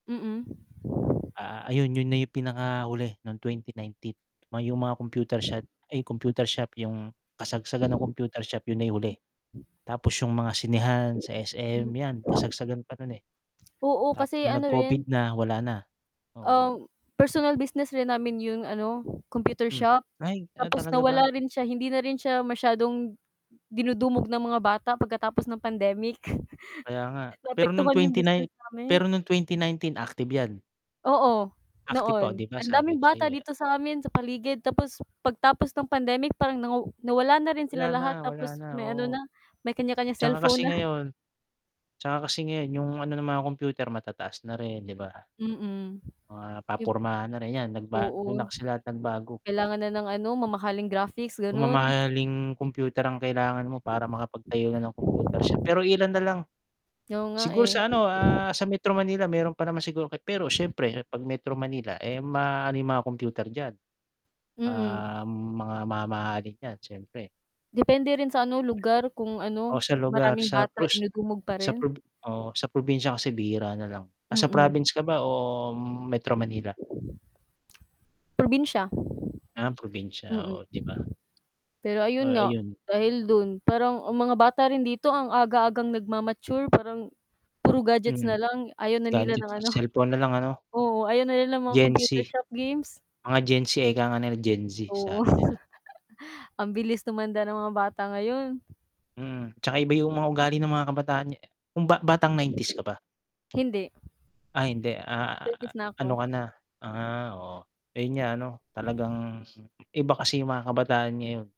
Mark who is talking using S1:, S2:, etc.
S1: Mm.
S2: Ah, ayun 'yun na 'yung pinakahuli nung 2019, oh 'yung mga computer shot ay, computer shop, 'yung kasagsagan ng
S1: Hmm.
S2: computer shop 'yun na 'yung huli, tapos 'yung mga sinehan sa
S1: Hmm.
S2: SM 'yan, kasagsagan pa nun, eh.
S1: Oo,
S2: Tapos
S1: kasi
S2: nung nag
S1: ano rin
S2: Covid na wala na, oo.
S1: um, personal business rin namin 'yung ano computer
S2: Hmm,
S1: shop.
S2: ay, ah,
S1: Tapos,
S2: talaga
S1: nawala
S2: ba?
S1: rin siya, hindi na rin siya masyadong dinudumog ng mga bata pagkatapos ng pandemic.
S2: Kaya nga, pero nung
S1: Naapektuhan 'yung
S2: twenty
S1: business
S2: nine
S1: namin.
S2: pero nung 2019, active 'yan.
S1: Oo,
S2: Active pa, oh 'di
S1: noon,
S2: ba
S1: ang
S2: sabi
S1: daming
S2: ko
S1: bata
S2: sa'yo, eh.
S1: dito sa amin sa paligid, tapos pagtapos ng pandemic parang naw nawala na rin
S2: Wala
S1: sila
S2: na,
S1: lahat
S2: wala
S1: tapos
S2: na,
S1: may ano na,
S2: oo.
S1: may kaniya-kaniyang
S2: 'Tsaka
S1: cellphone
S2: kasi
S1: na.
S2: ngayon 'tsaka kasi ngayon 'yung ano ng mga kompyuter matataas na rin, 'di ba?
S1: Mm.
S2: Mga
S1: Ib
S2: papormahan na rin, 'yan nagba dun na
S1: oo.
S2: kasi lahat nagbago.
S1: Kailangan na ng ano mamahaling graphics, ganun.
S2: Mamahaling kompyuter ang kailangan mo para makapag-tayo na nang kompyuter shop, pero iilan na lang.
S1: Oo nga,
S2: Siguro
S1: eh.
S2: sa ano, ah, sa Metro Manila meron pa naman siguro, pero siyempre 'pag Metro Manila, eh, maano 'yung mga kompyuter diyan,
S1: Mm.
S2: ah, mga mamahalin 'yan, siyempre.
S1: Depende rin sa ano lugar kung ano,
S2: Oh sa
S1: kung
S2: lugar
S1: maraming
S2: sa
S1: bata
S2: prus
S1: dinudumog pa
S2: sa
S1: rin.
S2: prob oh, sa probinsya kasi bihira na lang. Nasa
S1: Mm.
S2: province ka ba o Metro Manila?
S1: Probinsya.
S2: Ah, probinsya,
S1: Mm.
S2: oo 'di ba?
S1: Pero ayun
S2: Ah,
S1: nga,
S2: ayun.
S1: dahil dun parang ang mga bata rin dito ang aga-agang nagma-mature parang puro gadgets
S2: Mhm.
S1: na lang, ayaw na nila
S2: Gadget
S1: ng
S2: at
S1: ano
S2: cellphone na lang ano?
S1: oo, ayaw na nila ng mga
S2: Gen
S1: computer
S2: Z.
S1: shop games.
S2: Mga Gen Z ika nga nila, Gen Z
S1: Oo.
S2: sabi nila.
S1: Ang bilis tumanda ng mga bata ngayon.
S2: Mm, 'tsaka iba 'yung mga ugali ng mga kabataan nga kung ba batang 90's ka ba?
S1: Hindi.
S2: Ay hindi, ah,
S1: Thirties na
S2: ano
S1: ako.
S2: ka na ah, oo ayun nga ano, talagang iba kasi 'yung mga kabataan ngayon.